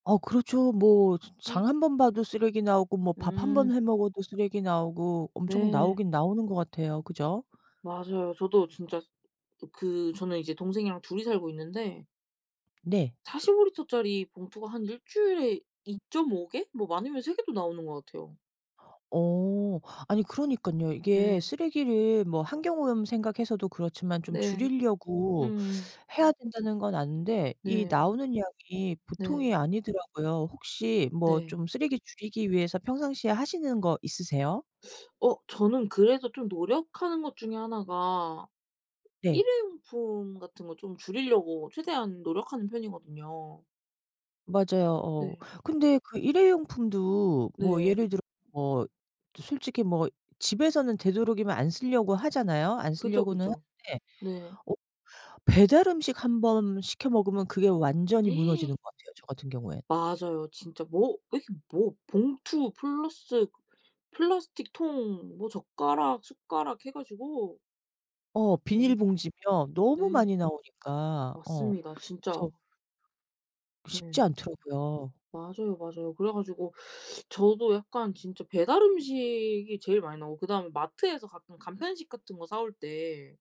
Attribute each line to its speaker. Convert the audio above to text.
Speaker 1: 어 그렇죠. 뭐 저 장
Speaker 2: 예.
Speaker 1: 한번 봐도 쓰레기 나오고 뭐 밥 한번
Speaker 2: 음.
Speaker 1: 해 먹어도 쓰레기 나오고 엄청
Speaker 2: 네.
Speaker 1: 나오긴 나오는 것 같아요. 그죠?
Speaker 2: 맞아요. 저도 진짜 그 저는 이제 동생이랑 둘이 살고 있는데
Speaker 1: 네.
Speaker 2: 45L 짜리 봉투가 한 1 주일에 2.5 개? 뭐 많으면 3 개도 나오는 것 같아요.
Speaker 1: 어. 아니 그러니깐요. 이게
Speaker 2: 예.
Speaker 1: 쓰레기를 뭐 환경오염 생각해서도 그렇지만 좀
Speaker 2: 네.
Speaker 1: 줄이려고
Speaker 2: 음.
Speaker 1: 해야 된다는 건 아는데 이
Speaker 2: 네.
Speaker 1: 나오는 양이
Speaker 2: 네.
Speaker 1: 보통이 아니더라고요. 혹시 뭐
Speaker 2: 네.
Speaker 1: 좀 쓰레기 줄이기 위해서 평상시에 하시는 거 있으세요?
Speaker 2: 어 저는 그래서 좀 노력하는 것 중에 하나가
Speaker 1: 네.
Speaker 2: 일회용품 같은 거 좀 줄이려고 최대한 노력하는 편이거든요.
Speaker 1: 맞아요. 어
Speaker 2: 네.
Speaker 1: 근데 그 일회용품도 뭐
Speaker 2: 네.
Speaker 1: 예를 들어 뭐 솔직히 뭐 집에서는 되도록이면 안 쓰려고 하잖아요. 안
Speaker 2: 그죠,
Speaker 1: 쓰려고는
Speaker 2: 그죠.
Speaker 1: 하는데
Speaker 2: 네.
Speaker 1: 어 배달음식 한번 시켜 먹으면 그게 완전히 무너지는 것 같아요, 저 같은 경우엔.
Speaker 2: 맞아요. 진짜 뭐 이렇게 뭐 봉투 플러스 플라스틱 통 뭐 젓가락 숟가락 해 가지고
Speaker 1: 어
Speaker 2: 엄
Speaker 1: 비닐봉지며 너무
Speaker 2: 네.
Speaker 1: 많이 나오니까. 어
Speaker 2: 맞습니다, 진짜.
Speaker 1: 그래서 쉽지
Speaker 2: 네.
Speaker 1: 않더라고요.
Speaker 2: 맞아요, 맞아요. 그래 가지고 저도 약간 진짜 배달 음식이 제일 많이 나오고 그다음에 마트에서 가끔 간편식 같은 거 사 올 때